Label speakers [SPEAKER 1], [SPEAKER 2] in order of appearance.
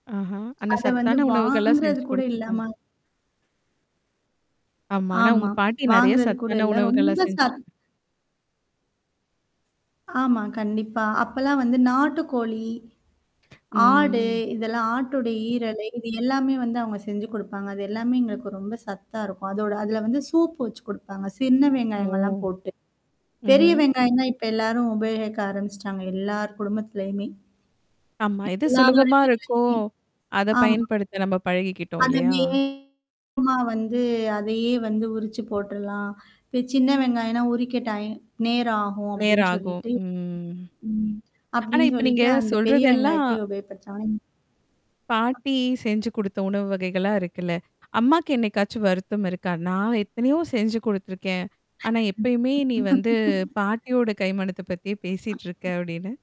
[SPEAKER 1] ஆஹா! அனா
[SPEAKER 2] அத வந்து
[SPEAKER 1] சத்தான உணவுகள்லாம்
[SPEAKER 2] வாங்குறது
[SPEAKER 1] செஞ்சு
[SPEAKER 2] கூட இல்ல
[SPEAKER 1] குடுத்துருக்காங்க.
[SPEAKER 2] மா.
[SPEAKER 1] ஆமா. ஆனா
[SPEAKER 2] ஆமா.
[SPEAKER 1] உங்க பாட்டி நெறைய
[SPEAKER 2] வாங்குறது கூட
[SPEAKER 1] சத்தான
[SPEAKER 2] இல்ல.
[SPEAKER 1] உணவுகளா
[SPEAKER 2] ரொம்ப சத்
[SPEAKER 1] செஞ்சிருக்கு
[SPEAKER 2] ஆமா. கண்டிப்பா. அப்பலாம் வந்து நாட்டுக்கோழி. ஆடு
[SPEAKER 1] ம்.
[SPEAKER 2] இதெல்லாம் ஆட்டுடைய ஈரலை இது எல்லாமே வந்து அவங்க செஞ்சு குடுப்பாங்க. அது எல்லாமே எங்களுக்கு ரொம்ப சத்தா இருக்கும். அதோட அதுல வந்து சூப்பு வச்சு குடுப்பாங்க. சின்ன
[SPEAKER 1] ஓ!
[SPEAKER 2] வெங்காயங்கள்லாம் போட்டு. பெரிய
[SPEAKER 1] ம்ஹ்ம்.
[SPEAKER 2] வெங்காயம் தான் இப்ப எல்லாரும் உபயோகிக்க ஆரம்பிச்சுட்டாங்க. எல்லார் குடும்பத்துலயுமே.
[SPEAKER 1] ஆமா. எது
[SPEAKER 2] எல்லார்
[SPEAKER 1] சுலபமா
[SPEAKER 2] வீட்லயுமே
[SPEAKER 1] இருக்கும்? அத
[SPEAKER 2] ஆமா.
[SPEAKER 1] பயன்படுத்த நம்ம பழகிக்கிட்டோம்
[SPEAKER 2] அது
[SPEAKER 1] இல்லையா?
[SPEAKER 2] வேகமா வந்து அதையே வந்து உரிச்சு போட்டுறலாம். இ சின்ன வெங்காயனா உரிக்க டை நேரகும் அப்டின்னு
[SPEAKER 1] நேராகும்.
[SPEAKER 2] சொல்லிட்டு.
[SPEAKER 1] ம்.
[SPEAKER 2] ம்.
[SPEAKER 1] ஆனா,
[SPEAKER 2] அப்டின்னு
[SPEAKER 1] இப்ப நீங்க
[SPEAKER 2] சொல்லிட்டு அந்த பெரிய
[SPEAKER 1] சொல்றதெல்லாம்
[SPEAKER 2] வெங்காயத்த உபயோப்படுத்துறாங்க. ம்.
[SPEAKER 1] பாட்டி செஞ்சு குடுத்த உணவு வகைகளா இருக்குல்ல. அம்மாக்கு என்னைக்காச்சும் வருத்தம் இருக்கா? நான் எத்தனையோ செஞ்சு குடுத்துருக்கேன். ஆனா எப்பயுமே நீ வந்து பாட்டியோட கைமானத்த பத்தியே பேசிட்டுருக்க அப்டின்னு.